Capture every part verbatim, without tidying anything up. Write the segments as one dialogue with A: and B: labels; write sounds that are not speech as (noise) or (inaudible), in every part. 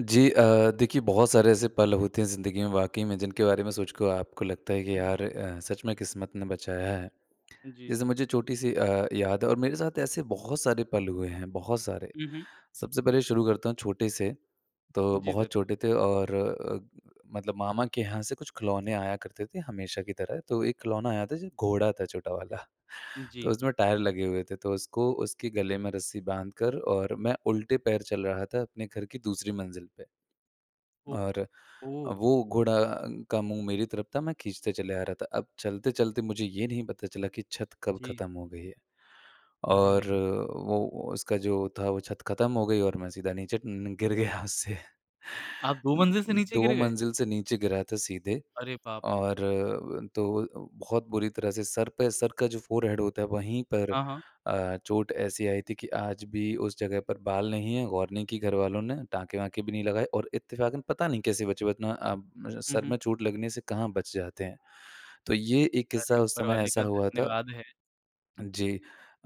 A: जी अ, देखिए बहुत सारे ऐसे पल होते हैं ज़िंदगी में वाक़ई में जिनके बारे में सोच के आपको लगता है कि
B: हुँ, हुँ।
A: यार अ, सच में किस्मत ने बचाया है।
B: जी,
A: जैसे
B: जी,
A: मुझे
B: जी।
A: छोटी-सी अ, याद है और मेरे साथ ऐसे बहुत सारे पल हुए हैं, बहुत सारे।
B: हुँ, हुँ।
A: सबसे पहले शुरू करता हूँ छोटे-से तो
B: जी ज़
A: बहुत छोटे थे और अ, मतलब मामा के यहाँ से कुछ खिलौने आया करते थे हमेशा की तरह, तो एक खिलौना आया था जो घोड़ा था छोटा वाला (chuckles) तो
B: जी।
A: उसमें टायर लगे हुए थे, तो उसको उसके गले में रस्सी बाँधकर और मैं उल्टे पैर चल रहा था अपने घर की दूसरी मंजिल पे।
B: ओ,
A: और अ,
B: ओह।
A: वो घोड़ा का मुँह मेरी तरफ़ था, मैं खींचते चले आ रहा था। अब चलते-चलते मुझे ये नहीं पता चला कि छत कब
B: जी।
A: ख़त्म हो गई है
B: अरे
A: और
B: नहीं।
A: वो उसका जो था वो छत खत्म हो गई और मैं सीधा नीचे न गिर गया छत उससे। उ
B: आप दो
A: उ
B: मंजिल से नीचे गिर
A: दो
B: गए?
A: मंजिल से नीचे गिरा था सीधे
B: अरे बाप रे!
A: और अ, तो बहुत बुरी तरह से सर पे सर का जो फोरहेड होता है वहीं पर
B: हाँ, हाँ।
A: अ, चोट ऐसी आई थी कि आज भी उस जगह पर बाल नहीं है, गौर नहीं की घरवालों ने, टाँके-वाँके भी नहीं लगाए और इत्तेफ़ाकन पता नहीं कैसे बचे वरना अब
B: हुँ,
A: सर
B: हुँ।
A: में चोट लगने से कहाँ बच जाते हैं? तो ये एक किस्सा
B: अरे!
A: उस
B: ऊपर
A: समय
B: वाले
A: ऐसा
B: का
A: हुआ था
B: धन्यवाद है।
A: अ, जी।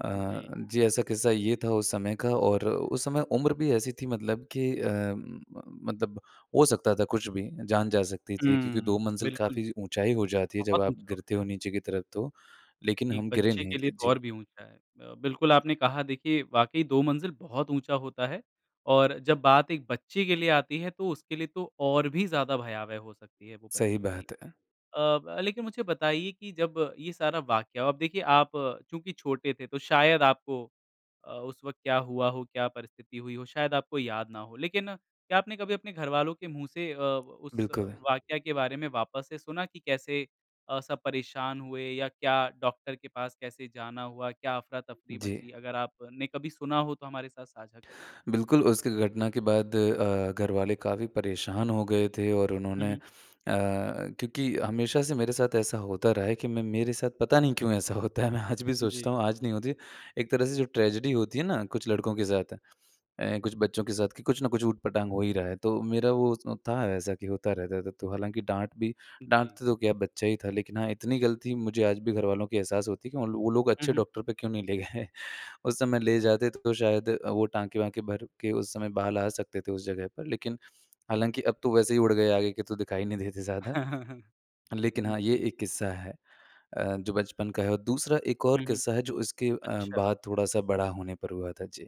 A: अ,
B: जी।
A: जी ऐसा किस्सा ये था उस समय का और उस समय उम्र भी ऐसी थी मतलब कि अ, म मतलब हो सकता था कुछ भी, जान जा सकती थी क्योंकि दो
B: हुँ,
A: मंजिल
B: बिल्कुल।
A: काफ़ी ऊँचाई हो जाती है जब
B: बहुत
A: आप
B: ऊँचा
A: गिरते
B: होता
A: हो
B: है।
A: नीचे की तरफ़ तो, लेकिन
B: एक
A: हम गिरे
B: बच्चे
A: नहीं
B: के लिए
A: थे।
B: तो
A: जी।
B: और भी ऊँचा है। अ, बिल्कुल आपने कहा देखिए वाक़ई दो मंजिल बहुत ऊँचा होता है, और जब बात एक बच्चे के लिए आती है तो उसके लिए तो और भी ज़्यादा भयावह हो सकती है वो
A: सही
B: परिस्थिति।
A: बात है।
B: अ, ब लेकिन मुझे बताइए कि जब ये सारा वाक्या हुआ अब देखिए आप क्योंकि छोटे थे तो शायद आपको अ, उस वक़्त क्या हुआ हो, क्या परिस्थिति हुई हो, शायद आपको याद ना हो। लेकिन क्या आपने कभी अपने घरवालों के मुँह से अ, उस
A: बिल्कुल।
B: वाक्या के बारे में वापस से सुना कि कैसे अ, सब परेशान हुए या क्या डॉक्टर के पास कैसे जाना हुआ, क्या अफ़रा-तफ़री
A: जी।
B: मची? अगर आपने कभी सुना हो तो हमारे साथ साझा करिए।
A: बिल्कुल उस घ घटना के बाद अ, घर वाले काफ़ी परेशान हो गए थे और
B: हुँ,
A: उन्होंने अ,
B: हुँ।
A: क्योंकि हमेशा से मेरे साथ ऐसा होता रहा है कि मैं मेरे साथ पता नहीं क्यों ऐसा होता है, मैं आज भी सोचता
B: जी।
A: हूँ आज नहीं होती, एक तरह से जो ट्रेजेडी होती है ना, कुछ लड़कों के साथ अ, कुछ बच्चों के साथ कि कुछ न कुछ ऊट-पटाँग हो ही रहा है, तो मेरा वो उस था ऐसा कि होता रहता था। तो हालाँकि डाँट भी
B: उ, जी।
A: डाँटते तो क्या, बच्चा ही था, लेकिन हाँ इतनी गलती मुझे आज भी घरवालों की एहसास होती है कि वो वो लोग
B: हुँ,
A: अच्छे
B: हुँ।
A: डॉक्टर पे क्यों नहीं ले गए उस समय ले जाते तो शायद अ, वो टाँके-वाँके भर के उस समय बाल आ सकते थे उस जगह पर। लेकिन हालाँकि अब तो वैसे ही उड़ गए आगे के तो दिखाई नहीं देते ज़्यादा।
B: (chuckles)
A: लेकिन हाँ, ये
B: जी।
A: एक किस्सा है अ, जो बचपन का है और दूसरा एक
B: हुँ,
A: और
B: हुँ।
A: किस्सा है जो उसके अ,
B: अच्छा।
A: बाद थोड़ा-सा बड़ा होने पर हुआ था। जी।